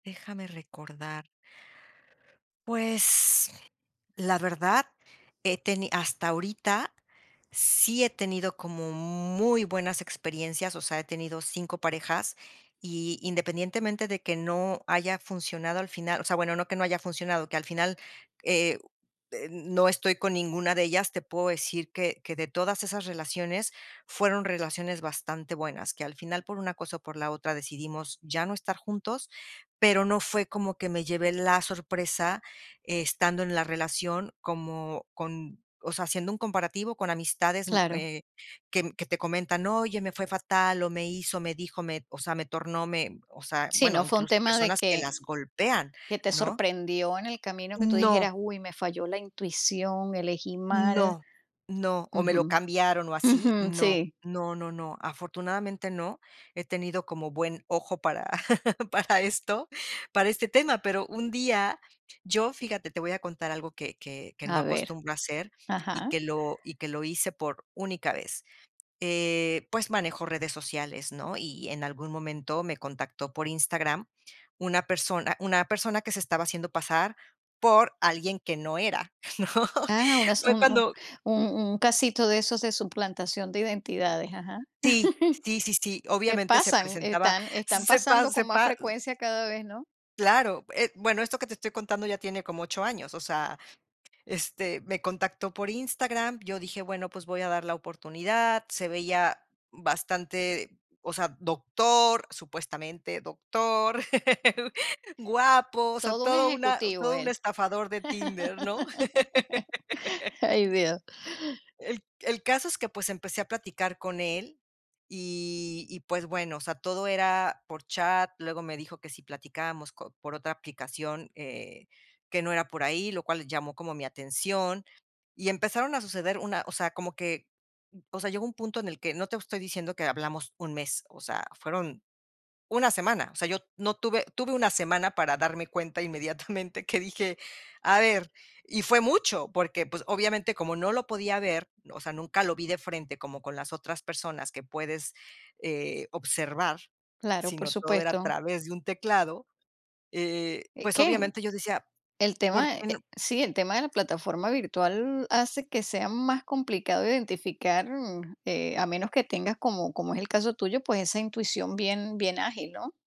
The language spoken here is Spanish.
Déjame recordar. Pues, la verdad he teni hasta ahorita, sí he tenido como muy buenas experiencias, o sea, he tenido 5 parejas. Y, independientemente de que no haya funcionado al final o sea, bueno, no que no haya funcionado, que al final, eh eh, no estoy con ninguna de ellas, te puedo decir que que de todas esas relaciones fueron relaciones bastante buenas, que al final, por una cosa o por la otra, decidimos ya no estar juntos, pero no fue como que me llevé la sorpresa estando en la relación como con o sea, haciendo un comparativo con amistades, mm, Claro. eh, que que te comentan: "Oye, me fue fatal, o me hizo, me dijo, me o sea, me tornó, me", o sea, Sí, bueno, no fue un incluso tema de personas que que las golpean, que te ¿no? sorprendió en el camino, que tú dijeras: No. "Uy, me falló la intuición, elegí mal". No, no. O me lo Ujú. cambiaron o así, Ujú, no sí. no no no, afortunadamente, no. He tenido como buen ojo para para esto, para este tema, pero un día yo, fíjate, te voy a contar algo que que que no A ver. acostumbro hacer y Ajá. que lo y que lo hice por única vez. Eh, pues manejo redes sociales, ¿no?, y, en algún momento, me contactó por Instagram una persona una persona que se estaba haciendo pasar por alguien que no era, ¿no? Ah, unas Fue un un cuando un un casito de esos de suplantación de identidades. Ajá. Sí, sí, sí, sí, Que obviamente, se pasan, presentaba, están están se pa pasando se con más pa frecuencia cada vez, ¿no? Claro, eh bueno, esto que te estoy contando ya tiene como 8 años. O sea, este, me contactó por Instagram, yo dije: "Bueno, pues, voy a dar la oportunidad", se veía bastante o sea, doctor, supuestamente doctor, guapo, o sea, Todo un todo una ejecutivo todo un él. estafador de Tinder, ¿no? Ay, Dios. El c el caso es que, pues, empecé a platicar con él, y y, pues, bueno, o sea, todo era por chat, luego me dijo que si platicábamos co por otra aplicación, eh, que no era por ahí, lo cual llamó como mi atención. Y empezaron a suceder, una o sea, como que, o sea, llegó un punto en el que no te estoy diciendo que hablamos un mes, o sea, fueron una semana, o sea, yo no tuve tuve una semana para darme cuenta inmediatamente, que dije: "A ver", y fue mucho, porque, pues, obviamente, como no lo podía ver, o sea, nunca lo vi de frente, como con las otras personas que puedes, eh, observar, Claro, por sino todo era a supuesto. través de un teclado, eh, Eh, pues, ¿qué? obviamente, yo decía: El "Por tema, qué eh no" sí, el tema de la plataforma virtual hace que sea más complicado identificar, mm, eh, a menos que tengas, como como es el caso tuyo, pues, esa intuición bien bien ágil, ¿no?